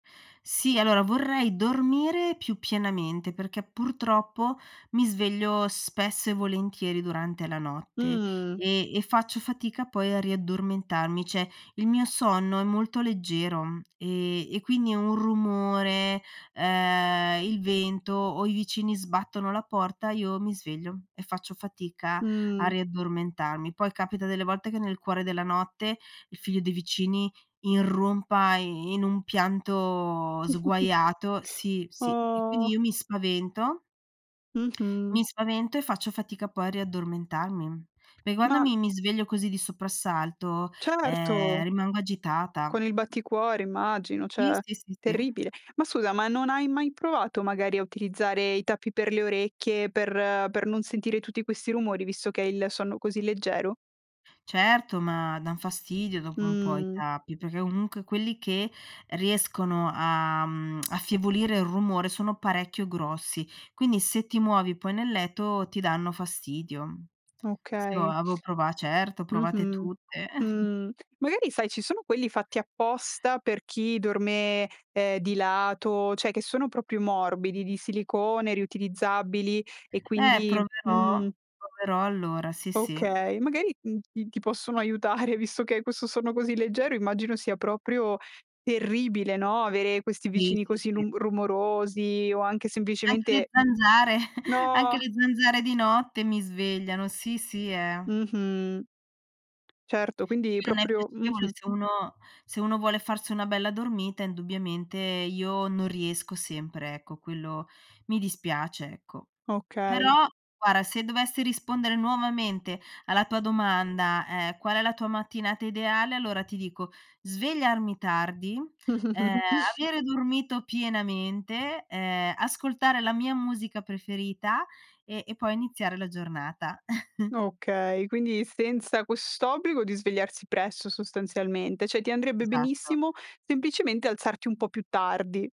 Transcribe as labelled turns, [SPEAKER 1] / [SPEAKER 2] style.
[SPEAKER 1] Sì, allora vorrei dormire più pienamente perché, purtroppo, mi sveglio spesso e volentieri durante la notte,
[SPEAKER 2] Mh-mh.
[SPEAKER 1] e e faccio fatica poi a riaddormentarmi, cioè il mio sonno è molto leggero, e e quindi un rumore, ehm, il vento o i vicini sbattono la porta, io mi sveglio, e faccio fatica a
[SPEAKER 2] Mh.
[SPEAKER 1] riaddormentarmi. Poi, capita delle volte che nel cuore della notte, il figlio dei vicini irrompa i in un pianto sguaiato sì, sì e quindi
[SPEAKER 2] Oh.
[SPEAKER 1] io mi spavento
[SPEAKER 2] Mh-mh.
[SPEAKER 1] mi spavento, e faccio fatica poi a riaddormentarmi. Perché quando
[SPEAKER 2] Ma
[SPEAKER 1] mi mi sveglio così di soprassalto, ehm,
[SPEAKER 2] Certo.
[SPEAKER 1] rimango agitata.
[SPEAKER 2] Con il batticuore immagino,
[SPEAKER 1] Sì,
[SPEAKER 2] cioè
[SPEAKER 1] sì, sì, sì.
[SPEAKER 2] terribile. Ma scusa, ma non hai mai provato, magari, a utilizzare i tappi per le orecchie, per per non sentire tutti questi rumori visto che hai il sonno così leggero?
[SPEAKER 1] Certo, ma, dan fastidio dopo un po' i
[SPEAKER 2] Mh.
[SPEAKER 1] tappi, perché comunque quelli che riescono a, mhmm, affievolire il rumore sono parecchio grossi, quindi se ti muovi poi nel letto ti danno fastidio. Sì io
[SPEAKER 2] Okay.
[SPEAKER 1] avevo prova certo, provate
[SPEAKER 2] Mh-mh,
[SPEAKER 1] tutte.
[SPEAKER 2] mh, magari sai, ci sono quelli fatti apposta per chi dorme, ehm, di lato, cioè che sono proprio morbidi, di silicone riutilizzabili e
[SPEAKER 1] Eh
[SPEAKER 2] quindi
[SPEAKER 1] proverò,
[SPEAKER 2] mh.
[SPEAKER 1] proverò allora, sì, sì.
[SPEAKER 2] Okay, magari, mhmm, ti ti possono aiutare visto che hai questo sonno così leggero immagino sia proprio terribile, no, avere questi
[SPEAKER 1] Sì,
[SPEAKER 2] vicini
[SPEAKER 1] sì,
[SPEAKER 2] così
[SPEAKER 1] sì.
[SPEAKER 2] lung rumorosi o anche
[SPEAKER 1] Anche le
[SPEAKER 2] semplicemente
[SPEAKER 1] zanzare anche
[SPEAKER 2] No.
[SPEAKER 1] le zanzare di notte mi svegliano. Sì, sì, eh.
[SPEAKER 2] Mh-mh. Certo, quindi
[SPEAKER 1] Sì non è
[SPEAKER 2] proprio
[SPEAKER 1] piacevole,
[SPEAKER 2] mh-mh.
[SPEAKER 1] se uno se uno vuole farsi una bella dormita indubbiamente, io non riesco sempre, ecco, quello mi dispiace, ecco.
[SPEAKER 2] Okay.
[SPEAKER 1] Però, guarda, se dovessi rispondere nuovamente alla tua domanda, ehm: "Qual è la tua mattinata ideale?" Allora ti dico svegliarmi tardi, ehm, avere dormito pienamente, ehm, ascoltare la mia musica preferita e e poi iniziare la giornata.
[SPEAKER 2] Okay, quindi senza quest'obbligo di svegliarsi presto sostanzialmente, cioè, ti andrebbe
[SPEAKER 1] Esatto.
[SPEAKER 2] benissimo semplicemente alzarti un po' più tardi.